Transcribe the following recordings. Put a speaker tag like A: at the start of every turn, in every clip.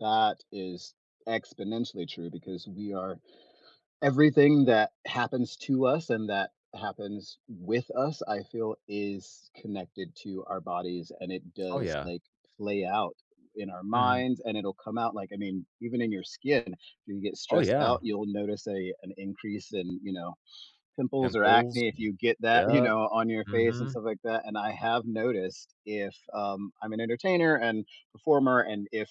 A: That is exponentially true, because we are everything that happens to us and that happens with us, I feel is connected to our bodies and it
B: Oh
A: does,
B: yeah.
A: like, play out in our
B: Mhm.
A: minds and it'll come out like, I mean, even in your skin, if you get
B: Oh
A: stressed
B: yeah.
A: out, you'll notice a an increase in, you know, pimples or
B: Pimples.
A: acne, if
B: [unintelligible]
A: you get that, you
B: Yeah.
A: know, on your face and
B: Mhm.
A: stuff like that, and I have noticed if, um I'm an entertainer and performer, and if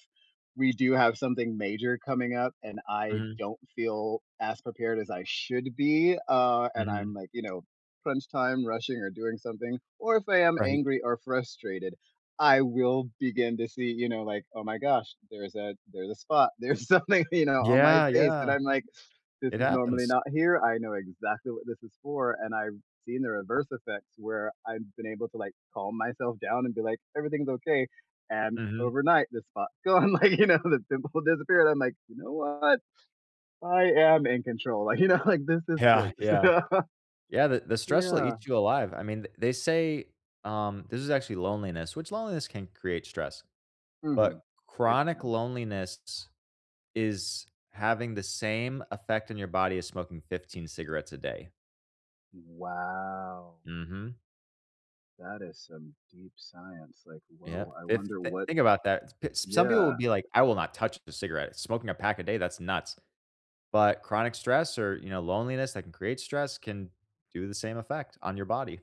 A: we do have something major coming up and I
B: Mhm.
A: don't feel as prepared as I should be, uh, and I'm
B: Mhm.
A: like, you know, crunch time rushing or doing something, or if I am
B: Right.
A: angry or frustrated, I will begin to see, you know, like, "Oh my gosh, there's a there's a spot, there's something," you know, "on my
B: Yeah,
A: face," and
B: yeah.
A: I'm like, "This
B: It
A: is normally
B: happens.
A: not here, I know exactly what this is for," and I've seen the reverse effects where I've been able to like calm myself down and be like, "Everything's okay," and
B: Mhm.
A: overnight, the spot's gone, like, you know, the pimple disappeared, I'm like, "You know what? I am in control," like, you know, like, "This is
B: Yeah,
A: great," so
B: yeah. Yeah, the the stress will
A: Yeah.
B: eat you alive. I mean, th they say, um, this is actually loneliness, which loneliness can create stress.
A: Mhm.
B: But
A: It
B: chronic
A: can.
B: loneliness is having the same effect in your body as smoking 15 cigarettes a day.
A: Wow.
B: Mhm.
A: That is some deep science, like,
B: Yeah,
A: whoa, I
B: fif
A: wonder what
B: think about that, t p Some people will
A: Yeah.
B: be like, I will not touch the cigarette, smoking a pack a day, that's nuts, but chronic stress or, you know, loneliness that can create stress can do the same effect on your body.